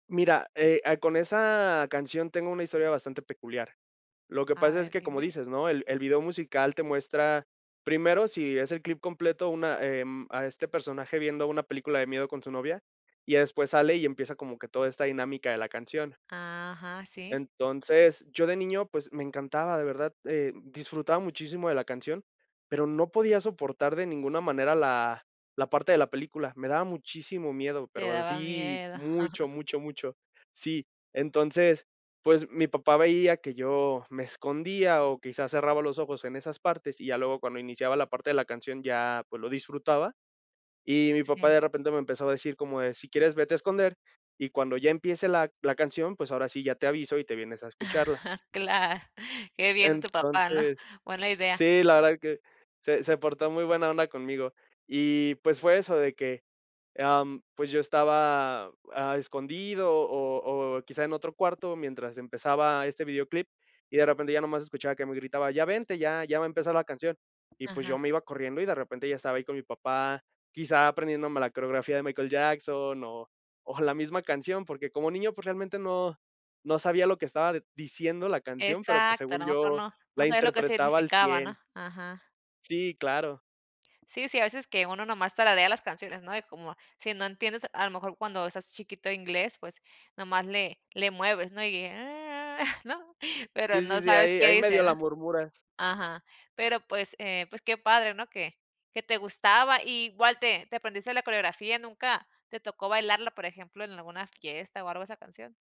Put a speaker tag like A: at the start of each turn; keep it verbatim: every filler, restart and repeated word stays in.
A: Mira, eh ah, con esa canción tengo una historia bastante peculiar. Lo que
B: A
A: pasa es
B: ver,
A: que, como
B: dime.
A: dices, ¿no? El el video musical te muestra primero, si es el clip completo, una, em, a este personaje viendo una película de miedo con su novia, y ya después sale y empieza como que toda esta dinámica de la canción.
B: Ajá, sí.
A: Entonces, yo de niño, pues, me encantaba, de verdad, eh, disfrutaba muchísimo de la canción, pero, no podía soportar de ninguna manera la la parte de la película. Me daba muchísimo miedo,
B: Te
A: pero
B: daba
A: así,
B: miedo.
A: mucho, mucho, mucho. Sí, entonces, pues, mi papá veía que yo me escondía o quizás cerraba los ojos en esas partes, y ya luego cuando iniciaba la parte de la canción ya, pues, lo disfrutaba, y mi papá
B: Sí.
A: de repente me empezó a decir como de: "Si quieres vete a esconder, y cuando ya empiece la la canción, pues, ahora sí ya te aviso, y te vienes a escucharla".
B: Cla qué bien, tu papá, ¿no?
A: Entonces
B: Buena idea.
A: sí, la verdad que se se portó muy buena onda conmigo, y, pues, fue eso de que, em, pues, yo estaba, ah, escondido, o o, quizá en otro cuarto mientras empezaba este videoclip, y de repente ya nomás escuchaba que me gritaba: "Ya vente, ya ya va a empezar la canción", y pues, yo
B: Ajá.
A: me iba corriendo, y de repente ya estaba ahí con mi papá, quizá aprendiéndome la coreografía de Michael Jackson, o o la misma canción, porque, como niño, pues, realmente no no sabía lo que estaba diciendo la canción, pero pues,
B: Exacto, a
A: según
B: lo mejor
A: yo
B: no no
A: la
B: sabía lo que
A: interpretaba al
B: significaba,
A: cien
B: ¿no? Ajá.
A: Sí, claro.
B: Sí, a veces que uno, nomás tararea las canciones, ¿no? Y como, si no entiendes, a lo mejor cuando estás chiquito, inglés, pues, nomás le le mueves, ¿no? Y, [unintelligible] ¿no? Pero,
A: Sí,
B: no
A: sí, sí,
B: sabes
A: ahí
B: qué
A: ahí medio la
B: dicen.
A: murmuras.
B: Ajá, pero pues, eh, pues, qué padre, ¿no? Que que te gustaba. I igual te te aprendiste la coreografía, ¿nunca te tocó bailarla, por ejemplo, en alguna fiesta, o, algo esa canción?